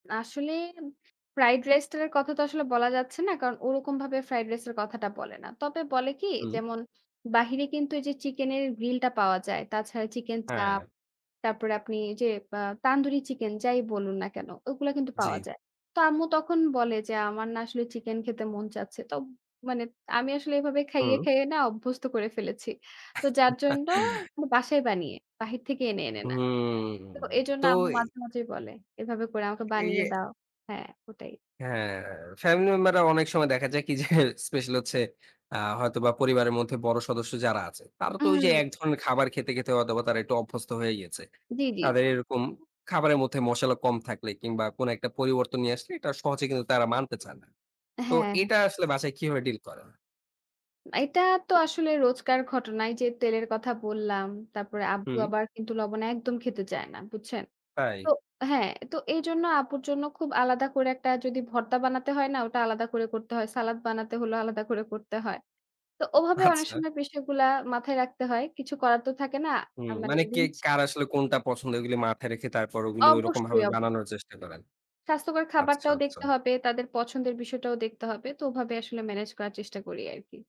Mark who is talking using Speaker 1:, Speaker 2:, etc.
Speaker 1: আসলে M fried রাইসটার কথা তো আসলে বলা যাচ্ছে না। কারণ ওরকমভাবে ফ্রাইড রাইসের কথাটা বলে না। তবে বলে কি?
Speaker 2: হুম।
Speaker 1: যেমন, বাহিরে কিন্তু এইযে চিকেনের গ্রিল টা পাওয়া যায়। তাছাড়া চিকেন চাপ,
Speaker 2: হ্যাঁ।
Speaker 1: তারপরে আপনি ওইযে অ্যা তান্দুরি চিকেন যাই বলুন না কেন, ওগুলা কিন্তু পাওয়া
Speaker 2: জি।
Speaker 1: যায়। তো আম্মু তখন বলে যে, "আমার না আসলে চিকেন খেতে মন চাচ্ছে।" তোম মানে আমি আসলে এভাবে খাইয়ে,
Speaker 2: হুম।
Speaker 1: খাইয়ে না অভ্যস্ত করে ফেলেছি। তো যার জন্য, ম বাসায় বানিয়ে, বাহির থেকে এনে, এনে না।
Speaker 2: হুম,
Speaker 1: তো এজন্য
Speaker 2: তো
Speaker 1: আম্মু
Speaker 2: এ
Speaker 1: মাঝে, মাঝেই বলে, এভাবে করে আমাকে
Speaker 2: এই,
Speaker 1: বানিয়ে
Speaker 2: এ
Speaker 1: দাও। হ্যাঁ, ওটাই।
Speaker 2: হ্যাঁ, ফ্যামিলি মেম্বাররা অনেক সময় দেখা যায় কি যে, স্পেশালি হচ্ছে আ হয়তোবা পরিবারের মধ্যে বড় সদস্য যারা আছে তারা তো ওইযে,
Speaker 1: উম
Speaker 2: এক ধরনের খাবার খেতে, খেতে হয়তোবা তারা একটু অভ্যস্ত হয়ে গিয়েছে।
Speaker 1: জি, জি।
Speaker 2: তাদের এরকম খাবারের মধ্যে মশালা কম থাকলে কিংবা কোনো একটা পরিবর্তন নিয়ে আসলে এটা সহজে কিন্তু তারা মানতে চান না।
Speaker 1: হ্যাঁ,
Speaker 2: তো,
Speaker 1: হ্যাঁ।
Speaker 2: এটা আসলে বাসায় কিভাবে deal করেন?
Speaker 1: এটা তো আসলে রোজকার ঘটনাই যে, তেলের কথা বললাম, তারপরে আব্বু
Speaker 2: হুম।
Speaker 1: আবার কিন্তু লবণ একদম খেতে চায় না, বুঝছেন? তো
Speaker 2: তাই?
Speaker 1: হ্যাঁ, তো এইজন্য আব্বুর জন্য খুব আলাদা করে একটা যদি ভর্তা বানাতে হয় না ওটা আলাদা করে করতে হয়। সালাদ বানাতে হলেও আলাদা করে করতে হয়। তো ওভাবে অনেক
Speaker 2: আচ্ছা।
Speaker 1: সময় পুষ্টিগুলা মাথায় রাখতে হয়। কিছু করার তো থাকে না।
Speaker 2: হুম,
Speaker 1: আ মানে
Speaker 2: মানে কে,
Speaker 1: rules।
Speaker 2: কার আসলে কোনটা পছন্দ? এগুলো মাথায় রেখে তারপর ওগুলো ওরকমভাবে
Speaker 1: অবশ্যই, অব্য
Speaker 2: বানানোর চেষ্টা করেন।
Speaker 1: স্বাস্থ্যকর
Speaker 2: আচ্ছা,
Speaker 1: খাবারটাও দেখতে
Speaker 2: আচ্ছা।
Speaker 1: হবে, তাদের পছন্দের বিষয়টাও দেখতে হবে। তো ওভাবে আসলে ম্যানেজ করার চেষ্টা করি আরকি।